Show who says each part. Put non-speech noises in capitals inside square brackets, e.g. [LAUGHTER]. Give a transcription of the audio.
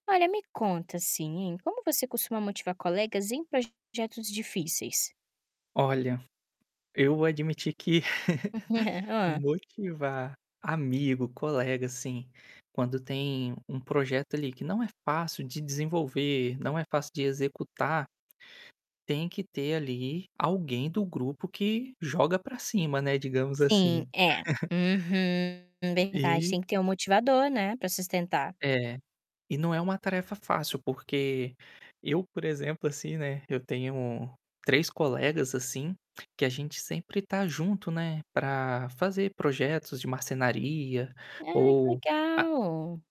Speaker 1: Olha me conta, assim, hein, como você costuma motivar colegas em projetos difíceis?
Speaker 2: Olha, eu admiti que, [CHUCKLES]
Speaker 1: [CHUCKLES] Hã.
Speaker 2: motivar amigo, colega, assim, quando tem um projeto ali que não é fácil de desenvolver, não é fácil de executar tem que ter, ali, alguém do grupo que joga para cima, né, digamos,
Speaker 1: Sim
Speaker 2: assim.
Speaker 1: é.
Speaker 2: [CHUCKLES]
Speaker 1: Uhum, verdade
Speaker 2: E
Speaker 1: tem que ter um motivador, né, para sustentar.
Speaker 2: É, e não é uma tarefa fácil porque eu, por exemplo, assim, né, eu tenho 3 colegas, assim, que a gente sempre está junto, né, para fazer projetos de marcenaria,
Speaker 1: Ai que
Speaker 2: ou a
Speaker 1: legal.